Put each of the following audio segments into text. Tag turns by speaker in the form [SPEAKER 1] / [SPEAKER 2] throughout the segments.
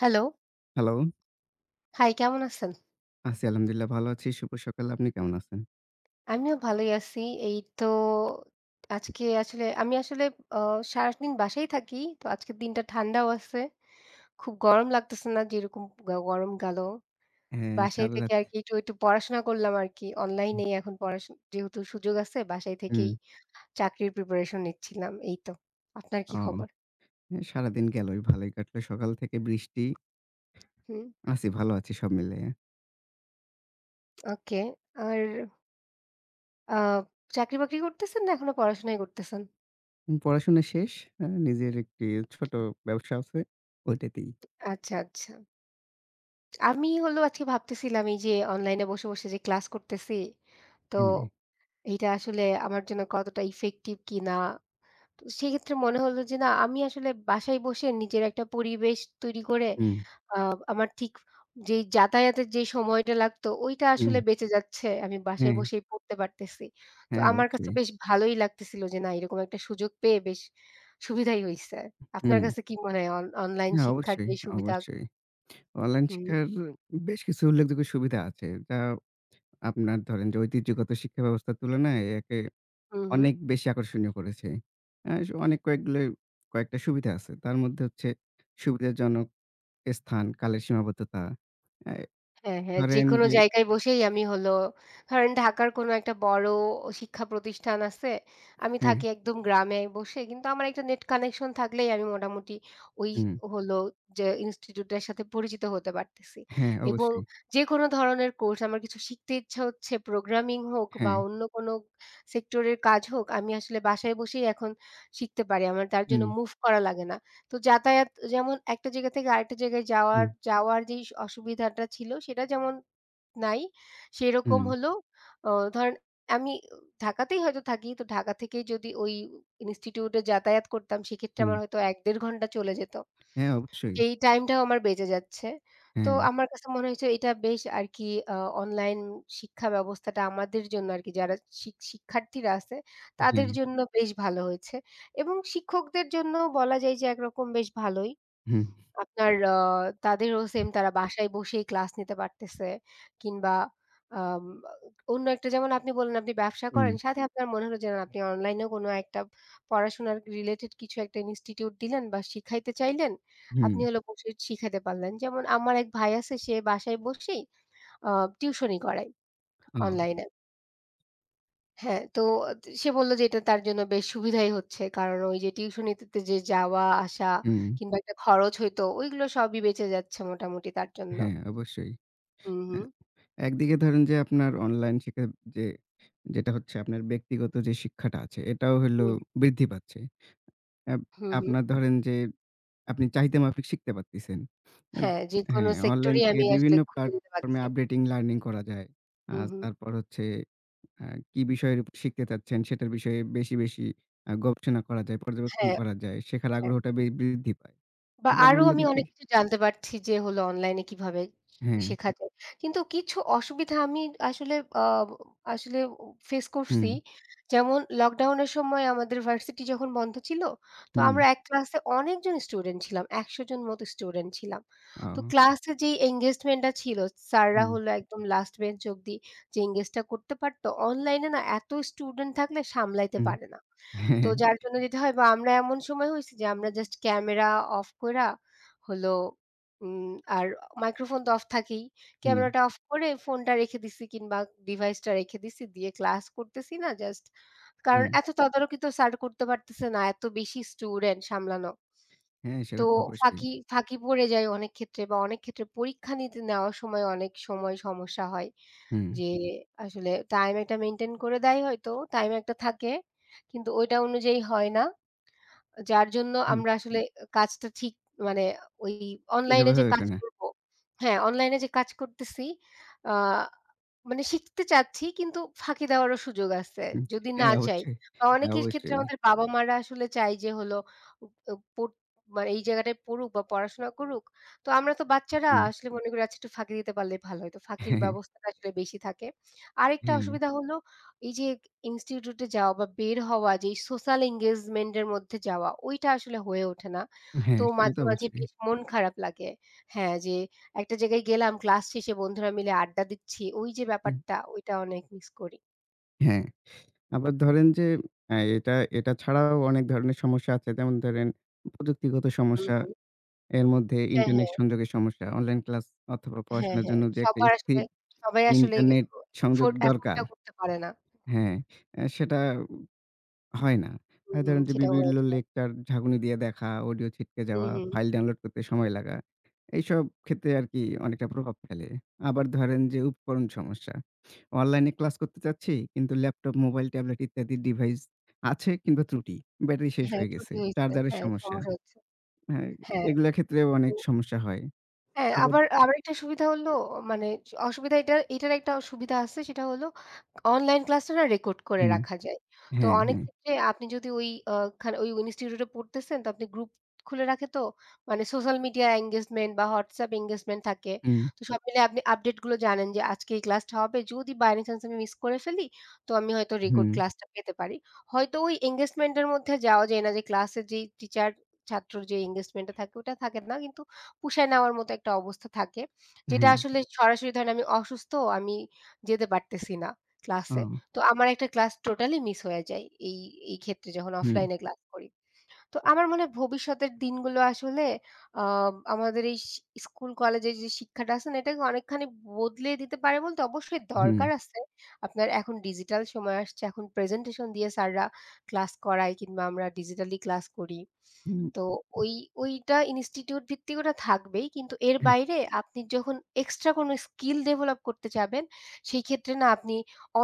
[SPEAKER 1] Hello.
[SPEAKER 2] Hello.
[SPEAKER 1] High, কেমন আছেন?
[SPEAKER 2] আছি আলহামদুলিল্লাহ ভালো আছি, শুভ সকাল। আপনি কেমন আছেন?
[SPEAKER 1] আমিও ভালোই আছি। এই তো, আজকে আসলে আমি আসলে অ সারাদিন বাসায় থাকি, তো আজকের দিনটা ঠান্ডাও আছে, খুব গরম লাগতেছে না যেরকম গো গরম গেলো।
[SPEAKER 2] হ্যাঁ,
[SPEAKER 1] বাসায় থেকে
[SPEAKER 2] ইনসাললাত
[SPEAKER 1] আরকি একটু, একটু পড়াশোনা করলাম আরকি
[SPEAKER 2] হুম।
[SPEAKER 1] অনলাইনেই এখন পড়া যেহেতু সুযোগ আছে বাসায় থেকেই
[SPEAKER 2] হুম।
[SPEAKER 1] চাকরির প্রিপারেশন নিচ্ছিলাম এই তো। আপনার কি
[SPEAKER 2] ও
[SPEAKER 1] খবর?
[SPEAKER 2] সারাদিন গেলো। ভালোই কাটলো। সকাল থেকে বৃষ্টি।
[SPEAKER 1] হুম।
[SPEAKER 2] আছি, ভালো আছি সব মিলে।
[SPEAKER 1] ওকে, আর আ চাকরি-বাকরি করতেছেন না এখনো পড়াশোনাই করতেছেন?
[SPEAKER 2] উম পড়াশোনা শেষ। অ্যা নিজের একটি ছোট ব্যবসা আছে ওইটাতেই।
[SPEAKER 1] আচ্ছা, আচ্ছা। আমি হলো আজকে ভাবতেছিলাম এই যে, অনলাইনে বসে, বসে যে ক্লাস করতেছি, তো
[SPEAKER 2] হুম।
[SPEAKER 1] এইটা আসলে আমার জন্য কতটা ইফেক্টিভ কিনা? তো সেক্ষেত্রে মনে হল যে না আমি আসলে বাসায় বসে নিজের একটা পরিবেশ তৈরি করে
[SPEAKER 2] হুম।
[SPEAKER 1] আ আমার ঠিক যেই যাতায়াতের যেই সময়টা লাগতো ওইটা আসলে
[SPEAKER 2] হুম।
[SPEAKER 1] বেঁচে যাচ্ছে, আমি বাসায়
[SPEAKER 2] হ্যাঁ।
[SPEAKER 1] বসেই পড়তে পারতেছি। তো
[SPEAKER 2] হ্যাঁ,
[SPEAKER 1] আমার কাছে
[SPEAKER 2] অবশ্যই।
[SPEAKER 1] বেশ ভালোই লাগতেছিল যে না এরকম একটা সুযোগ পেয়ে বেশ সুবিধাই হইছে। আপনার
[SPEAKER 2] হুম।
[SPEAKER 1] কাছে কি মনে হয় অন অনলাইন
[SPEAKER 2] হ্যাঁ,
[SPEAKER 1] শিক্ষার
[SPEAKER 2] অবশ্যই,
[SPEAKER 1] যেই সুবিধা
[SPEAKER 2] অবশ্যই। অনলাইন
[SPEAKER 1] হুম।
[SPEAKER 2] শিক্ষার বেশ কিছু উল্লেখযোগ্য সুবিধা আছে। যা আপনার ধরেন যে ঐতিহ্যগত শিক্ষা ব্যবস্থার তুলনায় একে
[SPEAKER 1] হুম, হুম।
[SPEAKER 2] অনেক বেশি আকর্ষণীয় করেছে। অ্যা স অনেক কয়েকগুলোই কয়েকটা সুবিধা আছে। তার মধ্যে হচ্ছে সুবিধাজনক স্থান, কালের সীমাবদ্ধতা। অ্যা
[SPEAKER 1] হ্যাঁ, হ্যাঁ
[SPEAKER 2] ধরেন
[SPEAKER 1] যেকোনো
[SPEAKER 2] যে
[SPEAKER 1] জায়গায় বসেই আমি হল, ধরেন ঢাকার কোন একটা বড় শিক্ষা প্রতিষ্ঠান আছে। আমি থাকি
[SPEAKER 2] হ্যাঁ।
[SPEAKER 1] একদম গ্রামে বসে কিন্তু আমার একটা নেট কানেকশন থাকলেই আমি মোটামুটি ওই
[SPEAKER 2] হুম।
[SPEAKER 1] হল যে ইনস্টিটিউট এর সাথে পরিচিত হতে পারতেছি।
[SPEAKER 2] হ্যাঁ,
[SPEAKER 1] এবং
[SPEAKER 2] অবশ্যই।
[SPEAKER 1] যেকোন ধরনের কোর্স আমার কিছু শিখতে ইচ্ছা হচ্ছে প্রোগ্রামিং হোক বা
[SPEAKER 2] হ্যাঁ।
[SPEAKER 1] অন্য কোনো সেক্টরের কাজ হোক আমি আসলে বাসায় বসেই এখন শিখতে পারি আমার তার জন্য
[SPEAKER 2] হুম।
[SPEAKER 1] মুভ করা লাগে না। তো যাতায়াত যেমন একটা জায়গা থেকে আরেকটা জায়গায় যাওয়ার,
[SPEAKER 2] হুম।
[SPEAKER 1] যাওয়ার যেই স অসুবিধাটা ছিল সেটা যেমন নাই সেরকম
[SPEAKER 2] হুম।
[SPEAKER 1] হলেও অ ধরেন আমি ঢাকাতেই হয়তো থাকি। তো ঢাকা থেকেই যদি ওই ইনস্টিটিউটে যাতায়াত করতাম সেক্ষেত্রে
[SPEAKER 2] হুম।
[SPEAKER 1] আমার হয়তো ১-১.৫ ঘন্টা চলে যেত।
[SPEAKER 2] হ্যাঁ, অবশ্যই।
[SPEAKER 1] এই টাইমটাও আমার বেঁচে যাচ্ছে, তো
[SPEAKER 2] হ্যাঁ।
[SPEAKER 1] আমার কাছে মনে হয়েছে এটা বেশ আরকি অ অনলাইন শিক্ষা ব্যবস্থাটা আমাদের জন্য আর কি যারা শি শিক্ষার্থীরা আছে তাদের
[SPEAKER 2] হ্যাঁ।
[SPEAKER 1] জন্য বেশ ভালো হয়েছে এবং শিক্ষকদের জন্যও বলা যায় যে একরকম বেশ ভালোই।
[SPEAKER 2] হুম।
[SPEAKER 1] আপনার অ তাদেরও সেম, তারা বাসায় বসেই ক্লাস নিতে পারতেছে কিংবা আম অন্য একটা যেমন আপনি বললেন আপনি ব্যবসা
[SPEAKER 2] হুম।
[SPEAKER 1] করেন সাথে আপনার মনে হল যে, না আপনি অনলাইনেও কোনো একটা পড়াশোনার রিলেটেড কিছু একটা ইনস্টিটিউট দিলেন বা শিখাইতে চাইলেন, আপনি
[SPEAKER 2] হুম।
[SPEAKER 1] হল বসে শিখাইতে পারলেন। যেমন আমার এক ভাই আছে সে বাসায় বসেই আ টিউশনি করায়,
[SPEAKER 2] ও।
[SPEAKER 1] অনলাইনে। হ্যাঁ। তো আ সে বলল যে এটা তার জন্য বেশ সুবিধাই হচ্ছে কারণ ওই যে টিউশনিতে তে যে যাওয়া আসা
[SPEAKER 2] হুম।
[SPEAKER 1] কিংবা একটা খরচ হইতো ওইগুলো সবই বেঁচে যাচ্ছে মোটামুটি তার জন্য।
[SPEAKER 2] হ্যাঁ অবশ্যই।
[SPEAKER 1] হু,
[SPEAKER 2] আ
[SPEAKER 1] হু।
[SPEAKER 2] একদিকে ধরেন যে আপনার অনলাইন শিক্ষা যে, যেটা হচ্ছে আপনার ব্যক্তিগত যে শিক্ষাটা আছে এটাও হইল
[SPEAKER 1] হুম।
[SPEAKER 2] বৃদ্ধি পাচ্ছে। অ্যা
[SPEAKER 1] হু, হু।
[SPEAKER 2] আপনার ধরেন যে আপনি চাহিদা মাফিক শিখতে পারতেছেন। অ্যাপ
[SPEAKER 1] হ্যাঁ, যেকোনো
[SPEAKER 2] হ্যাঁ অনলাইন
[SPEAKER 1] সেক্টরই
[SPEAKER 2] থেকে
[SPEAKER 1] আমি আসলে
[SPEAKER 2] বিভিন্ন
[SPEAKER 1] খুঁজে নিতে
[SPEAKER 2] প্লাটফর্ম এ
[SPEAKER 1] পাচ্ছি।
[SPEAKER 2] আপডেটিং লার্নিং করা যায়।
[SPEAKER 1] হু,
[SPEAKER 2] আজ
[SPEAKER 1] হু।
[SPEAKER 2] তারপর হচ্ছে আ কি বিষয়ের উ শিখতে চাচ্ছেন সেটার বিষয়ে বেশি, বেশি আ গবেষণা করা যায়, পর্যবেক্ষণ
[SPEAKER 1] হ্যাঁ,
[SPEAKER 2] করা যায় শেখার
[SPEAKER 1] হ্যাঁ।
[SPEAKER 2] আগ্রহটা বে বৃদ্ধি পায়
[SPEAKER 1] বা আরও
[SPEAKER 2] [unintelligible]
[SPEAKER 1] আমি
[SPEAKER 2] দিকে
[SPEAKER 1] অনেক কিছু জানতে পারছি যে হলো অনলাইনে কীভাবে, কি
[SPEAKER 2] হ্যাঁ।
[SPEAKER 1] শেখা যায় কিন্তু কিছু অসুবিধা আমি আসলে আ আসলে ও ফেস করছি
[SPEAKER 2] হুম।
[SPEAKER 1] যেমন লকডাউনের সময় আমাদের ভার্সিটি যখন বন্ধ ছিল তো আমরা
[SPEAKER 2] হুম।
[SPEAKER 1] এক ক্লাসে অনেকজন স্টুডেন্ট ছিলাম ১০০ জন মতো স্টুডেন্ট ছিলাম।
[SPEAKER 2] আ
[SPEAKER 1] তো
[SPEAKER 2] ও।
[SPEAKER 1] ক্লাসে যেই এনগেজমেন্টটা ছিল স্যাররা
[SPEAKER 2] হুম।
[SPEAKER 1] হলো একদম লাস্ট বেঞ্চ অবধি যে এনগেজটা করতে পারতো, অনলাইনে না এতই স্টুডেন্ট থাকলে সামলাইতে
[SPEAKER 2] হুম
[SPEAKER 1] পারে না। তো
[SPEAKER 2] হ্যাঁ।
[SPEAKER 1] যার জন্য যেতে হয় বা আমরা এমন সময় হইছি যে আমরা জাস্ট ক্যামেরা অফ কইরা হল উম আর মাইক্রোফোন তো অফ থাকেই।
[SPEAKER 2] হুম।
[SPEAKER 1] ক্যামেরাটা অফ করে ফোনটা রেখে দিছি কিংবা ডিভাইসটা রেখে দিছি দিয়ে ক্লাস করতেছি না জাস্ট। কারণ
[SPEAKER 2] হুম।
[SPEAKER 1] এত তদারকি তো স্যার করতে পারতেছে না এত বেশি স্টুডেন্ট সামলানো।
[SPEAKER 2] হ্যাঁ
[SPEAKER 1] তো
[SPEAKER 2] সেটা তো অবশ্যই।
[SPEAKER 1] ফাঁকি ফাঁকি পড়ে যায় অনেক ক্ষেত্রে বা অনেক ক্ষেত্রে পরীক্ষা নিতে নেওয়ার সময় অনেক সময় সমস্যা হয়।
[SPEAKER 2] হুম।
[SPEAKER 1] যে আসলে টাইম একটা মেইনটেইন করে দেয় হয়তো টাইম একটা থাকে কিন্তু ওইটা অনুযায়ী হয় না। আ যার জন্য
[SPEAKER 2] হুম।
[SPEAKER 1] আমরা আসলে আ কাজটা ঠিক মানে ও ওই অনলাইন এ
[SPEAKER 2] সেভাবে
[SPEAKER 1] যে
[SPEAKER 2] উঠে
[SPEAKER 1] কাজ
[SPEAKER 2] না।
[SPEAKER 1] করবো, হ্যাঁ, অনলাইন এ যে কাজ করতেছি। আ মানে শিখতে চাচ্ছি কিন্তু ফাঁকি দেওয়ারও সুযোগ আছে যদি না
[SPEAKER 2] হ্যাঁ
[SPEAKER 1] চাই।
[SPEAKER 2] অবশ্যই,
[SPEAKER 1] অ
[SPEAKER 2] হ্যাঁ
[SPEAKER 1] অনেকের ক্ষেত্রে
[SPEAKER 2] অবশ্যই।
[SPEAKER 1] আমাদের বাবা-মারা আসলে চায় যে হলো ও ও পো মানে এই জায়গাটায় পড়ুক বা পড়াশোনা করুক। তো আমরা তো বাচ্চারা
[SPEAKER 2] হুম।
[SPEAKER 1] আসলে মনে করি একটু ফাঁকি দিতে পারলেই ভালো হইতো ফাঁকির ব্যবস্থাটা আসলে বেশি থাকে। আরেকটা
[SPEAKER 2] হ্যাঁ।
[SPEAKER 1] অসুবিধা হলো, এই যে ইনস্টিটিউট এ যাওয়া বা বের হওয়া যে সোশ্যাল এনগেজমেন্ট এর মধ্যে যাওয়া ওইটা আসলে হয়ে ওঠে না তো
[SPEAKER 2] হ্যাঁ, সেটা
[SPEAKER 1] মাঝে,
[SPEAKER 2] তো
[SPEAKER 1] মাঝে
[SPEAKER 2] অবশ্যই।
[SPEAKER 1] বেশ মন খারাপ লাগে। হ্যাঁ, যে একটা জায়গায় গেলাম ক্লাস শেষে বন্ধুরা মিলে আড্ডা দিচ্ছি ওই যে
[SPEAKER 2] উম
[SPEAKER 1] ব্যাপারটা ওইটা অনেক মিস করি।
[SPEAKER 2] হ্যাঁ, আবার ধরেন যে অ্যা এটা, এটা ছাড়াও অনেক ধরনের সমস্যা আছে। যেমন ধরেন প্রযুক্তিগত
[SPEAKER 1] হুম,
[SPEAKER 2] সমস্যা,
[SPEAKER 1] হুম।
[SPEAKER 2] এর মধ্যে
[SPEAKER 1] হ্যাঁ,
[SPEAKER 2] ইন্টারনেট
[SPEAKER 1] হ্যাঁ।
[SPEAKER 2] সংযোগের সমস্যা। অনলাইন ক্লাস অথবা
[SPEAKER 1] হ্যাঁ,
[SPEAKER 2] পড়াশোনার
[SPEAKER 1] হ্যাঁ
[SPEAKER 2] জন্য যে একটা
[SPEAKER 1] সবার আসলে
[SPEAKER 2] স্থির
[SPEAKER 1] সবাই আসলে
[SPEAKER 2] ইন্টারনেট
[SPEAKER 1] ইফ
[SPEAKER 2] সংযোগ
[SPEAKER 1] ইফোর্ট
[SPEAKER 2] দরকার।
[SPEAKER 1] এতোটাও করতে পারে না।
[SPEAKER 2] হ্যাঁ, অ্যা সেটা হয় না।
[SPEAKER 1] হুম,
[SPEAKER 2] আ
[SPEAKER 1] হুম
[SPEAKER 2] ধরেন যে
[SPEAKER 1] সেটা বলা
[SPEAKER 2] বিভিন্ন
[SPEAKER 1] যায়।
[SPEAKER 2] লেকচার ঝাকুনি দিয়ে দেখা, অডিও ছিটকে
[SPEAKER 1] উ
[SPEAKER 2] যাওয়া,
[SPEAKER 1] হুম।
[SPEAKER 2] ফাইল ডাউনলোড করতে সময় লাগা। এইসব ক্ষেত্রে আরকি অনেকটা প্রভাব ফেলে। আবার ধরেন যে উপকরণ সমস্যা। অনলাইনে ক্লাস করতে চাচ্ছি কিন্তু ল্যাপটপ, মোবাইল, ট্যাবলেট ইত্যাদি ডিভাইস আছে কিংবা ত্রুটি, ব্যাটারি শেষ
[SPEAKER 1] হ্যাঁ
[SPEAKER 2] হয়ে গেছে,
[SPEAKER 1] ত্রুটি হইছে।
[SPEAKER 2] চার্জারের
[SPEAKER 1] হ্যাঁ
[SPEAKER 2] সমস্যা।
[SPEAKER 1] সমস্যা হচ্ছে।
[SPEAKER 2] হ্যাঁ
[SPEAKER 1] হ্যাঁ।
[SPEAKER 2] এইগুলা ক্ষেত্রেও
[SPEAKER 1] তো
[SPEAKER 2] অনেক সমস্যা হয়।
[SPEAKER 1] হ্যাঁ
[SPEAKER 2] আবার
[SPEAKER 1] আবার আবার একটা সুবিধা হলো মানে অসুবিধা এটার এটার একটা অ সুবিধা আছে সেটা হলো অনলাইন ক্লাসটা না রেকর্ড করে
[SPEAKER 2] হুম।
[SPEAKER 1] রাখা যায়। তো
[SPEAKER 2] হ্যাঁ,
[SPEAKER 1] অনেক
[SPEAKER 2] হ্যাঁ।
[SPEAKER 1] ক্ষেত্রে আপনি যদি ওই অ ওখানে ওই ইনস্টিটিউট এ পড়তেছেন তো আপনি গ্রুপ খুলে রাখে তো মানে সোশ্যাল মিডিয়া এনগেজমেন্ট বা WhatsApp এনগেজমেন্ট থাকে।
[SPEAKER 2] হুম।
[SPEAKER 1] তো সব মিলিয়ে আপনি আপডেট গুলো জানেন যে আজকে এই ক্লাসটা হবে। যদি বাই এনি চান্স আমি মিস করে ফেলি তো আমি হয়তো রেকর্ড
[SPEAKER 2] হুম।
[SPEAKER 1] ক্লাসটা পেতে পারি হয়তো ওই এনগেজমেন্টের মধ্যে যাওয়া যায় না যে ক্লাসের যে টিচার-ছাত্র যে এনগেজমেন্টটা থাকে ওটা থাকে না কিন্তু পোষায় নেওয়ার মতো একটা অবস্থা থাকে, যেটা
[SPEAKER 2] হ্যাঁ।
[SPEAKER 1] আসলে সরাসরি ধরেন আমি অসুস্থ, আমি যেতে পারতেছি না ক্লাসে,
[SPEAKER 2] ও।
[SPEAKER 1] তো আমার একটা ক্লাস টোটালি মিস হয়ে যায় এই এই ক্ষেত্রে যখন
[SPEAKER 2] হুম।
[SPEAKER 1] অফলাইনে ক্লাস করি। তো আমার মনে হয় ভবিষ্যতের দিনগুলো আসলে অম আমাদের এইস স্কুল কলেজের যে শিক্ষাটা আছে না এটাকে অনেকখানি বদলিয়ে দিতে পারে বলতে অবশ্যই
[SPEAKER 2] হুম।
[SPEAKER 1] দরকার আছে। আপনার এখন ডিজিটাল সময় আসছে এখন প্রেজেন্টেশন দিয়ে স্যাররা ক্লাস করায় কিংবা আমরা ডিজিটালি ক্লাস করি।
[SPEAKER 2] হুম।
[SPEAKER 1] তো ওই ওইটা ইনস্টিটিউট ভিত্তিক ওটা থাকবেই কিন্তু এর বাইরে আপনি যখন এক্সট্রা কোনো স্কিল ডেভেলপ করতে চাবেন সেই ক্ষেত্রে না আপনি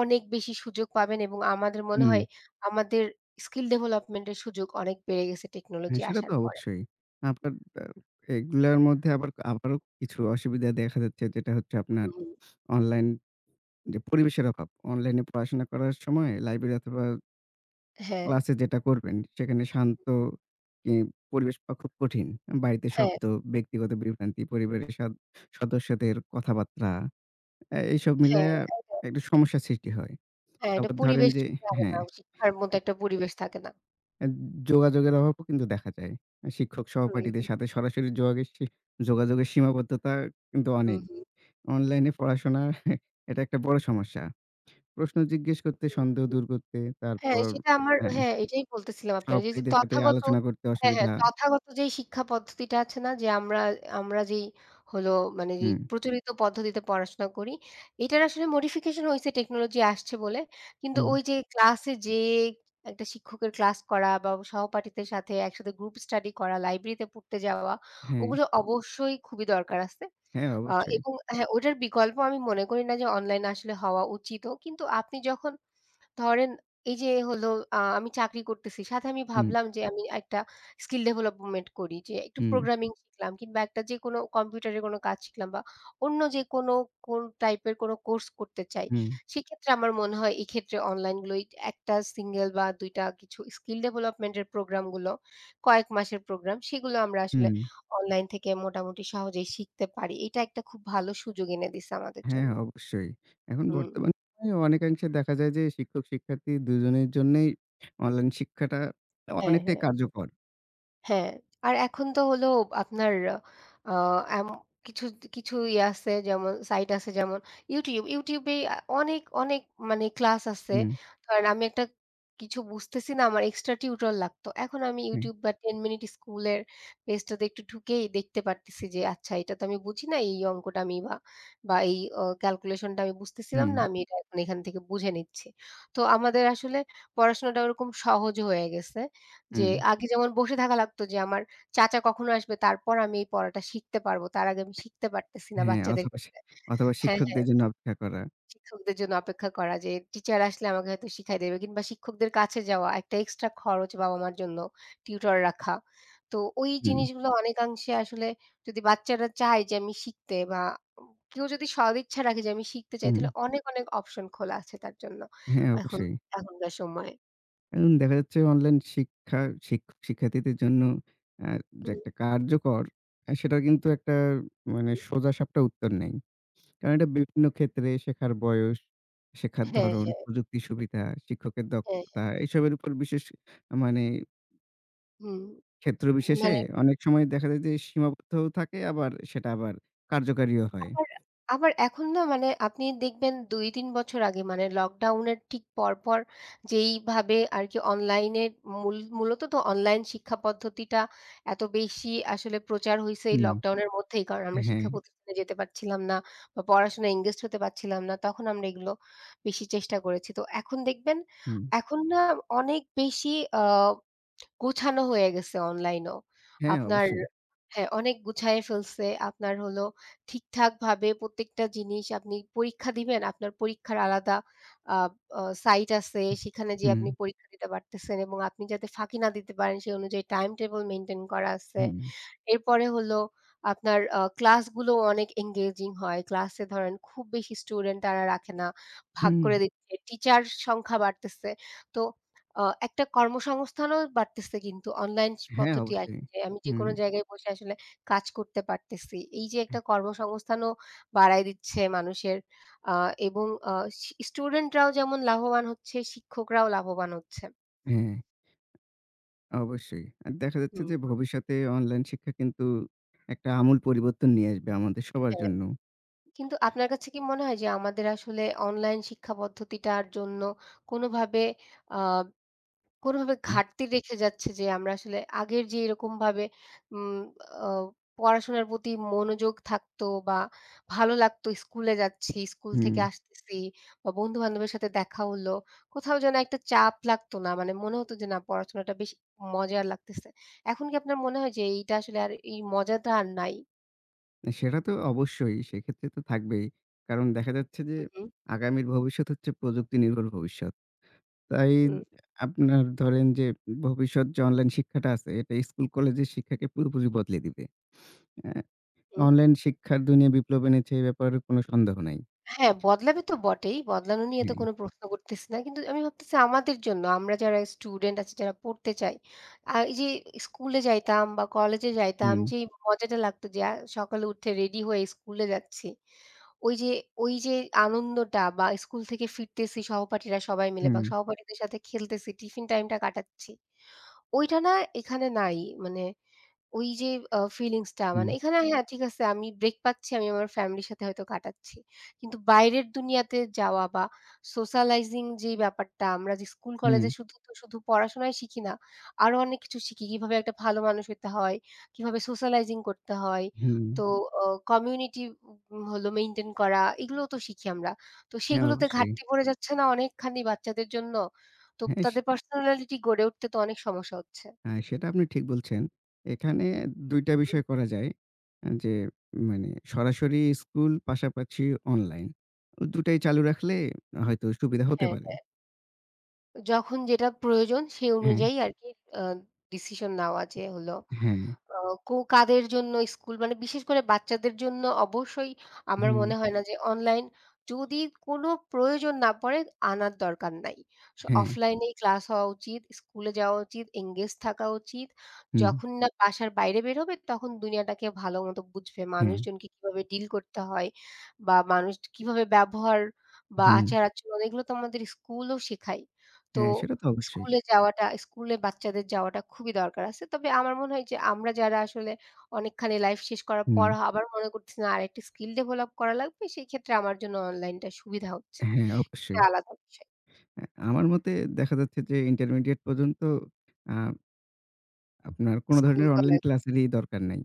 [SPEAKER 1] অনেক বেশি সুযোগ পাবেন এবং আমাদের মনে
[SPEAKER 2] হুম।
[SPEAKER 1] হয়, আমাদের স্কিল ডেভেলপমেন্টের সুযোগ অনেক বেড়ে গেছে
[SPEAKER 2] হ্যাঁ
[SPEAKER 1] টেকনোলজি
[SPEAKER 2] সেটা তো
[SPEAKER 1] আসার পরে।
[SPEAKER 2] অবশ্যই। আপনার এব এগুলার মধ্যে আবার আবারও কিছু অসুবিধা দেখা যাচ্ছে। যেটা হচ্ছে
[SPEAKER 1] হু,
[SPEAKER 2] আপনার
[SPEAKER 1] হুম।
[SPEAKER 2] অনলাইন যে পরিবেশের অভাব। অনলাইনে পড়াশোনা করার সময় লাইব্রেরি অথবা
[SPEAKER 1] হ্যাঁ।
[SPEAKER 2] ক্লাসে যেটা করবেন সেখানে শান্ত ই পরিবেশ পাওয়া খুব কঠিন। উম বাড়িতে
[SPEAKER 1] হ্যাঁ।
[SPEAKER 2] শব্দ ব্যক্তিগত বিভ্রান্তি, পরিবারের সদ সদস্যদের কথাবার্তা অ্যা এসব মিলাইয়া
[SPEAKER 1] হ্যাঁ। [unintelligible]
[SPEAKER 2] একটা সমস্যার সৃষ্টি হয়।
[SPEAKER 1] হ্যাঁ একটা
[SPEAKER 2] তারপর ধরেন
[SPEAKER 1] পরিবেশ
[SPEAKER 2] যে
[SPEAKER 1] লাগে না।
[SPEAKER 2] হ্যাঁ।
[SPEAKER 1] শিক্ষার মতো একটা
[SPEAKER 2] [unintelligible]
[SPEAKER 1] পরিবেশ থাকে না।
[SPEAKER 2] অ্যাদ যোগাযোগের অভাবও কিন্তু দেখা যায়। শিক্ষক-সহপাঠীদের
[SPEAKER 1] হুম।
[SPEAKER 2] সাথে সরাসরি যোগাগেসসি যোগাযোগের সীমাবদ্ধতা কিন্তু
[SPEAKER 1] হুম,
[SPEAKER 2] অনেক।
[SPEAKER 1] হুম।
[SPEAKER 2] অনলাইন এ পড়াশোনা এটা একটা বড় সমস্যা। প্রশ্ন জিজ্ঞেস করতে, সন্দেহ
[SPEAKER 1] [unintelligible]
[SPEAKER 2] দূর করতে।
[SPEAKER 1] হ্যাঁ
[SPEAKER 2] তারপর
[SPEAKER 1] সেটা আমার
[SPEAKER 2] হ্যাঁ।
[SPEAKER 1] হ্যাঁ এটাই বলতেছিলাম আপনারে এইযে
[SPEAKER 2] সহপাঠীদের সাথে
[SPEAKER 1] তথাগত
[SPEAKER 2] আলোচনা করতে
[SPEAKER 1] হ্যাঁ, হ্যাঁ।
[SPEAKER 2] অসুবিধা।
[SPEAKER 1] তথাগত যেই শিক্ষা পদ্ধতিটা আছে না যে আমরা আমরা যেই হলো মানে যে
[SPEAKER 2] হুম।
[SPEAKER 1] প্রচলিত পদ্ধতিতে পড়াশোনা করি এইটার আসলে মোডিফিকেশন হইছে টেকনোলজি আসছে বলে। কিন্তু ওই
[SPEAKER 2] উম
[SPEAKER 1] যে ক্লাসে যেয়ে একটা শিক্ষকের ক্লাস করা বা সহপাঠীদের সাথে একসাথে গ্রুপ স্টাডি করা, লাইব্রেরিতে পড়তে যাওয়া
[SPEAKER 2] হ্যাঁ।
[SPEAKER 1] ওগুলো অবশ্যই খুবই দরকার আছে।
[SPEAKER 2] হ্যাঁ
[SPEAKER 1] আ
[SPEAKER 2] অবশ্যই।
[SPEAKER 1] এবং হ্যাঁ ওটার বিকল্প আমি মনে করি না যে অনলাইন আসলে হওয়া উচিতও। কিন্তু আপনি যখন ধরেন এই যে হলো আ আমি চাকরি করতেছি সাথে আমি
[SPEAKER 2] হুম।
[SPEAKER 1] ভাবলাম যে আমি একটা স্কিল ডেভেলপমেন্ট করি যে একটু
[SPEAKER 2] হুম।
[SPEAKER 1] প্রোগ্রামিং শিখলাম কিংবা ১ টা যে কোনো কম্পিউটারে কোনো কাজ শিখলাম বা অন্য যে কোনো কোন টাইপের কোনো কোর্স করতে চাই,
[SPEAKER 2] হুম।
[SPEAKER 1] সেক্ষেত্রে আমার মনে হয় এক্ষেত্রে অনলাইনগুলোই ১ টা সিঙ্গেল বা ২ টা কিছু স্কিল ডেভেলপমেন্টের প্রোগ্রামগুলো কয়েক মাসের প্রোগ্রাম, সেগুলো আমরা আসলে
[SPEAKER 2] হুম।
[SPEAKER 1] অনলাইন থেকে মোটামুটি সহজেই শিখতে পারি। এটা একটা খুব ভালো সুযোগ এনে দিছে আমাদের
[SPEAKER 2] হ্যাঁ
[SPEAKER 1] জন্য।
[SPEAKER 2] অবশ্যই। এখন
[SPEAKER 1] হুম।
[SPEAKER 2] বর্তমানে অনেকাংশে দেখা যায় যে শিক্ষক-শিক্ষার্থী দুজনের জন্যেই অনলাইন শিক্ষাটা অ
[SPEAKER 1] হ্যাঁ,
[SPEAKER 2] অনেকটাই
[SPEAKER 1] হ্যাঁ।
[SPEAKER 2] কার্যকর।
[SPEAKER 1] হ্যাঁ, আর এখন তো হল আপনার আ আ এম কিছু, দ কিছু ইয়া আছে যেমন সাইট আছে যেমন Youtube, Youtube এ আ অনেক, অনেক মানে ক্লাস আছে
[SPEAKER 2] হুম।
[SPEAKER 1] কারণ আমি একটা কিছু বুঝতেছি না, আমার এক্সট্রা টিউটর লাগতো। এখন আমি
[SPEAKER 2] হুম।
[SPEAKER 1] Youtube বা '10 Minute School' এর পেজটাতে একটু ঢুকেই দেখতে পারতেছি যে আচ্ছা এইটা তো আমি বুঝি না, এই অঙ্কটা আমি আ বা এই আ ক্যালকুলেশনটা আমি বুঝতেছিলাম না
[SPEAKER 2] হুম।
[SPEAKER 1] আমি এটা এখন এখান থেকে বুঝে নিচ্ছি তো আমাদের আসলে পড়াশোনাটা ওরকম সহজ হয়ে গেছে। যে
[SPEAKER 2] হুম।
[SPEAKER 1] আগে যেমন বসে থাকা লাগতো যে আমার চাচা কখনো আসবে তারপর আমি এই পড়াটা শিখতে পারবো তার আগে আমি শিখতে পারতেছি না
[SPEAKER 2] হ্যাঁ,
[SPEAKER 1] বাচ্চাদের
[SPEAKER 2] অথবা শি
[SPEAKER 1] ক্ষেত্রে
[SPEAKER 2] অথবা
[SPEAKER 1] হ্যাঁ,
[SPEAKER 2] শিক্ষকদের
[SPEAKER 1] হ্যাঁ।
[SPEAKER 2] জন্য অপেক্ষা করা।
[SPEAKER 1] শিক্ষকদের জন্য অপেক্ষা করা যে টিচার আসলে আমাকে হয়তো শিখায় দেবে। কিংবা শিক্ষকদের কাছে যাওয়া একটা এক্সট্রা খরচ বাবা-মার জন্য টিউটর রাখা। তো ওই
[SPEAKER 2] হুম।
[SPEAKER 1] জিনিসগুলো অনেকাংশে আসলে যদি বাচ্চারা চায় যে আমি শিখতে বা উম কেউ যদি সদিচ্ছা রাখে যে আমি শিখতে চাই তাহলে
[SPEAKER 2] হুম।
[SPEAKER 1] অনেক, অনেক অপশন খোলা আছে তার জন্য
[SPEAKER 2] হ্যাঁ
[SPEAKER 1] এখন
[SPEAKER 2] অবশ্যই।
[SPEAKER 1] এখনকার সময়ে।
[SPEAKER 2] এন দেখা যাচ্ছে অনলাইন শিক্ষা শিক শিক্ষার্থীদের জন্য আ যে
[SPEAKER 1] হুম।
[SPEAKER 2] একটা কার্যকর আ সেটা কিন্তু একটা মানে
[SPEAKER 1] উম
[SPEAKER 2] সোজা-সাপটা উত্তর নেই। কারণ এটা বিভিন্ন ক্ষেত্রে শেখার বয়স, শেখার
[SPEAKER 1] হ্যাঁ,
[SPEAKER 2] ধরণ,
[SPEAKER 1] হ্যাঁ।
[SPEAKER 2] প্রযুক্তির সুবিধা, শিক্ষকের
[SPEAKER 1] হ্যাঁ, হ্যাঁ।
[SPEAKER 2] দক্ষতা এসবের উপর বিশেষ আ মানে
[SPEAKER 1] হুম,
[SPEAKER 2] ক্ষেত্র বিশেষে,
[SPEAKER 1] মানে
[SPEAKER 2] অনেক সময় দেখা যায় যে সীমাবদ্ধও থাকে আবার, সেটা আবার কার্যকারীও হয়।
[SPEAKER 1] আবার, আবার এখন না মানে, আপনি দেখবেন ২, ৩ বছর আগে মানে লকডাউনের ঠিক পর, পর। যেইভাবে আরকি অনলাইনে মূল মূলত তো অনলাইন শিক্ষা পদ্ধতিটা, এত বেশি আসলে প্রচার হইছে এই
[SPEAKER 2] হুম।
[SPEAKER 1] লকডাউনের মধ্যেই। কারণ, আমরা
[SPEAKER 2] হ্যাঁ।
[SPEAKER 1] শিক্ষা প্রতিষ্ঠানে যেতে পারছিলাম না বা পড়াশোনায় এনগেজড হতে পারছিলাম না। তখন আমরা এগুলো বেশি চেষ্টা করেছি। তো এখন দেখবেন,
[SPEAKER 2] হুম।
[SPEAKER 1] এখন না অনেক বেশি আ গোছানো হয়ে গেছে অনলাইনও,
[SPEAKER 2] হ্যাঁ,
[SPEAKER 1] আপনার
[SPEAKER 2] অবশ্যই।
[SPEAKER 1] হ্যাঁ, অনেক গুছায় ফেলছে, আপনার হল ঠিকঠাক ভাবে প্রত্যেকটা জিনিস। আপনি পরীক্ষা দিবেন? আপনার পরীক্ষার আলাদা আ অ সাইট আছে সেখানে গিয়ে আপনি
[SPEAKER 2] হুম।
[SPEAKER 1] পরীক্ষা দিতে পারতেছেন। এবং আপনি যাতে ফাঁকি না দিতে পারেন সেই অনুযায়ী টাইম টেবল মেইনটেন করা আছে।
[SPEAKER 2] হুম।
[SPEAKER 1] এরপরে হল আপনার আ ক্লাসগুলোও অনেক এনগেজিং হয়। ক্লাসে ধরেন খুব বেশি স্টুডেন্ট তারা রাখে না, ভাগ
[SPEAKER 2] হুম।
[SPEAKER 1] করে দিচ্ছে। টিচার সংখ্যা বাড়তেছে। তো, আ একটা কর্মসংস্থানও বাড়তেছে কিন্তু অনলাইন চ
[SPEAKER 2] হ্যাঁ,
[SPEAKER 1] পদ্ধতি আর
[SPEAKER 2] অবশ্যই।
[SPEAKER 1] [unintelligible] আমি
[SPEAKER 2] হুম।
[SPEAKER 1] যেকোনো জায়গায় বসে আসলে কাজ করতে পারতেছি। এই যে একটা কর্মসংস্থানও বাড়ায় দিচ্ছে মানুষের, আ এবং আ শি স্টুডেন্টরাও যেমন লাভবান হচ্ছে, শিক্ষকরাও লাভবান হচ্ছে।
[SPEAKER 2] হ্যাঁ। অবশ্যই। আর দেখা যাচ্ছে
[SPEAKER 1] হুম।
[SPEAKER 2] যে, ভবিষ্যতে অনলাইন শিক্ষা কিন্তু একটা আমূল পরিবর্তন নিয়ে আসবে, আমাদের সবার
[SPEAKER 1] হ্যাঁ।
[SPEAKER 2] জন্য।
[SPEAKER 1] কিন্তু আপনার কাছে কি মনে হয় যে, আমাদের আসলে অনলাইন শিক্ষা পদ্ধতিটার জন্য কোনোভাবে আ কোনোভাবে
[SPEAKER 2] উম
[SPEAKER 1] ঘাটতি রেখে যাচ্ছে যে, আমরা আসলে আগের যে এরকম ভাবে উম অ পড়াশোনার প্রতি মনোযোগ থাকতো, বা ভালো লাগতো স্কুলে যাচ্ছি, স্কুল থেকে
[SPEAKER 2] হুম।
[SPEAKER 1] আসতেছি, বা বন্ধুবান্ধবের সাথে দেখা হল, কোথাও যেন একটা চাপ লাগতো না। মানে, মনে হত যে, না পড়াশোনাটা বেশি মজার লাগতেছে। এখন কি আপনার মনে হয় যে, এইটা আসলে আর এই মজাটা আর নাই?
[SPEAKER 2] অ্যা সেটা তো অবশ্যই। সেক্ষেত্রে তো থাকবেই। কারণ দেখা যাচ্ছে যে,
[SPEAKER 1] হু, হু।
[SPEAKER 2] আগামীর ভবিষ্যৎ হচ্ছে প্রযুক্তি নির্ভর ভবিষ্যৎ। তাই,
[SPEAKER 1] হুম।
[SPEAKER 2] আপনার ধরেন যে, ভবিষ্যৎ যে অনলাইন শিক্ষাটা আছে, এটা স্কুল কলেজের শিক্ষাকে পুরোপুরি বদলে দিবে। অ্যা
[SPEAKER 1] হুম।
[SPEAKER 2] অনলাইন শিক্ষার দুনিয়ায় বিপ্লব এনেছে, এই ব্যাপারে কোন সন্দেহ নাই।
[SPEAKER 1] হ্যাঁ, বদলাবে তো বটেই! বদলানো নিয়ে তো
[SPEAKER 2] হ্যাঁ।
[SPEAKER 1] কোনো প্রশ্ন করতেছি না। কিন্তু আমি ভাবতেছি, আমাদের জন্য, আমরা যারা স্টুডেন্ট আছি, যারা পড়তে চাই, আ এই যে স্কুলে যাইতাম বা কলেজে যাইতাম,
[SPEAKER 2] হুম।
[SPEAKER 1] যেই মজাটা লাগতো যে, আ সকালে উঠে রেডি হয়ে স্কুলে যাচ্ছি। ওই যে, ওই যে, আনন্দটা বা স্কুল থেকে ফিরতেছি সহপাঠীরা সবাই মিলে বা
[SPEAKER 2] হুম।
[SPEAKER 1] সহপাঠীদের সাথে খেলতেছি টিফিন টাইমটা কাটাচ্ছি, ওইটা না এখানে নাই। মানে, ওই যে আ ফিলিংসটা
[SPEAKER 2] হুম।
[SPEAKER 1] মানে এখানে হ্যাঁ, ঠিক আছে আমি ব্রেক পাচ্ছি, আমি আমার ফ্যামিলি র সাথে হয়তো কাটাচ্ছি। কিন্তু বাইরের দুনিয়াতে যাওয়া বা সোশ্যালাইজিং যে ব্যাপারটা, আমরা যে স্কুল কলেজ
[SPEAKER 2] হুম।
[SPEAKER 1] এ শুধু, শুধু পড়াশোনাই শিখি না। আরও অনেক কিছু শিখি। কীভাবে একটা ভালো মানুষ হইতে হয়, কীভাবে সোশ্যালাইজিং করতে হয়,
[SPEAKER 2] হুম।
[SPEAKER 1] তো অ কমিউনিটি উম হলো মেইনটেইন করা, এগুলোও তো শিখি আমরা। তো
[SPEAKER 2] হ্যাঁ,
[SPEAKER 1] সেগুলোতে
[SPEAKER 2] অবশ্যই।
[SPEAKER 1] ঘাটতি পড়ে যাচ্ছে না অনেকখানি বাচ্চাদের জন্য? তো,
[SPEAKER 2] হ্যাঁ। স
[SPEAKER 1] তাদের পার্সোনালিটি গড়ে উঠতে তো, অনেক সমস্যা হচ্ছে।
[SPEAKER 2] হ্যাঁ। সেটা আপনি ঠিক বলছেন। এখানে ২
[SPEAKER 1] হু,
[SPEAKER 2] টা
[SPEAKER 1] হুম।
[SPEAKER 2] বিষয় করা যায়। এ যে মানে, সরাসরি স্কুল, পাশাপাশি অনলাইন। দুটাই চালু রাখলে হয়তো সুবিধা হতে
[SPEAKER 1] হ্যাঁ,
[SPEAKER 2] পারে।
[SPEAKER 1] হ্যাঁ। যখন যেটা প্রয়োজন, সেই
[SPEAKER 2] হুম।
[SPEAKER 1] অনুযায়ী আরকি আ ডিসিশন নেওয়া যে হলো
[SPEAKER 2] হ্যাঁ।
[SPEAKER 1] আ কু কাদের জন্য স্কুল মানে, বিশেষ করে বাচ্চাদের জন্য অবশ্যই আমার
[SPEAKER 2] হুম।
[SPEAKER 1] মনে হয় না যে অনলাইন যদি কোনো প্রয়োজন না পড়ে আনার দরকার নাই। স
[SPEAKER 2] হ্যাঁ।
[SPEAKER 1] অফলাইনেই ক্লাস হওয়া উচিত, স্কুলে যাওয়া উচিত, এনগেজ থাকা উচিত,
[SPEAKER 2] হুম।
[SPEAKER 1] যখন না বাসার বাইরে বেরোবে তখন দুনিয়াটাকে ভালোমতো বুঝবে,
[SPEAKER 2] হ্যাঁ।
[SPEAKER 1] মানুষজনকে কীভাবে ডিল করতে হয় বা মানুষ কীভাবে ব্যবহার বা
[SPEAKER 2] হুম।
[SPEAKER 1] আচার-আচরণ এগুলো তো আমাদের স্কুলও শেখায়। তো
[SPEAKER 2] হ্যাঁ সেটা তো অবশ্যই।
[SPEAKER 1] স্কুলে যাওয়াটা স্কুলে বাচ্চাদের যাওয়াটা খুবই দরকার আছে। তবে আমার মনে হয় যে আমরা যারা আসলে অনেকখানি লাইফ শেষ করার পর
[SPEAKER 2] হুম।
[SPEAKER 1] আবার মনে করতেছি না আরেকটা স্কিল ডেভেলপ করা লাগবে সেই ক্ষেত্রে আমার জন্য অনলাইনটা সুবিধা হচ্ছে।
[SPEAKER 2] হ্যাঁ
[SPEAKER 1] এটা
[SPEAKER 2] অবশ্যই।
[SPEAKER 1] আলাদা বিষয়।
[SPEAKER 2] এ আমার মতে দেখা যাচ্ছে যে ইন্টারমিডিয়েট পর্যন্ত আ আপনার কোন ধরনের অনলাইন
[SPEAKER 1] স্কুল-কলেজ।
[SPEAKER 2] ক্লাসেরই দরকার নাই।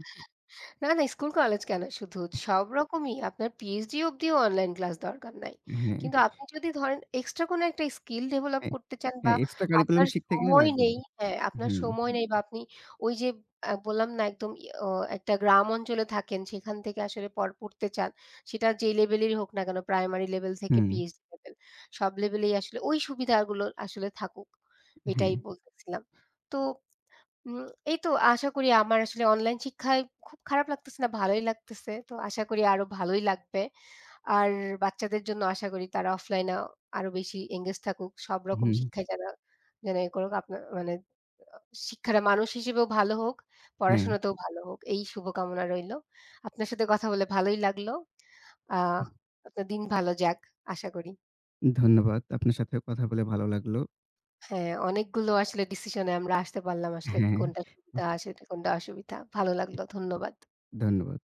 [SPEAKER 1] না, না স্কুল কলেজ কেন শুধু? সব রকমই, আপনার PhD অবধিও অনলাইন ক্লাস দরকার নাই।
[SPEAKER 2] হ্যাঁ।
[SPEAKER 1] কিন্তু আপনি যদি ধরেন এক্সট্রা কোনো একটা স্কিল ডেভেলপ
[SPEAKER 2] হ্যাঁ,
[SPEAKER 1] করতে চান বা
[SPEAKER 2] হ্যাঁ এক্সট্রা কারিকুলাম
[SPEAKER 1] আপনার
[SPEAKER 2] শিখতে গেলে
[SPEAKER 1] সময়
[SPEAKER 2] লাগবেই।
[SPEAKER 1] নেই হ্যাঁ, আপনার
[SPEAKER 2] হুম।
[SPEAKER 1] সময় নেই বা আপনি ওই যে আ বললাম না একদম ও একটা গ্রাম অঞ্চলে থাকেন সেখান থেকে আসলে পড় পড়তে চান। সেটা যেই লেভেলেরই হোক না কেন, প্রাইমারি লেভেল থেকে
[SPEAKER 2] হুম।
[SPEAKER 1] PhD লেভেল সব লেভেলেই আসলে ওই সুবিধাগুলো আসলে থাকুক,
[SPEAKER 2] এ হ্যাঁ।
[SPEAKER 1] এটাই বলতেছিলাম। তো উম এই তো আশা করি আমার আসলে অনলাইন শিক্ষায় খুব খারাপ লাগতেছে না, ভালোই লাগতেছে। তো আশা করি আরো ভালোই লাগবে। আর বাচ্চাদের জন্য আশা করি তারা অফলাইনে আরো বেশি এনগেজ থাকুক, সবরকম
[SPEAKER 2] হুম।
[SPEAKER 1] শিক্ষায় যারা যেন ই করুক আপনার মানে শিক্ষাটা মানুষ হিসেবেও ভালো হোক,
[SPEAKER 2] হ্যাঁ।
[SPEAKER 1] পড়াশোনাতেও ভালো হোক। এই শুভকামনা রইলো। আপনার সাথে কথা বলে ভালোই লাগলো। আ আপনার দিন ভালো যাক। আশা করি।
[SPEAKER 2] ধন্যবাদ। আপনার সাথেও কথা বলে ভালো লাগলো।
[SPEAKER 1] হ্যাঁ, অনেকগুলো আসলে ডিসিশনে আমরা আসতে পারলাম আসলে কোনটা সুবিধা, আসলে কোনটা অসুবিধা। ভালো লাগলো, ধন্যবাদ।
[SPEAKER 2] ধন্যবাদ।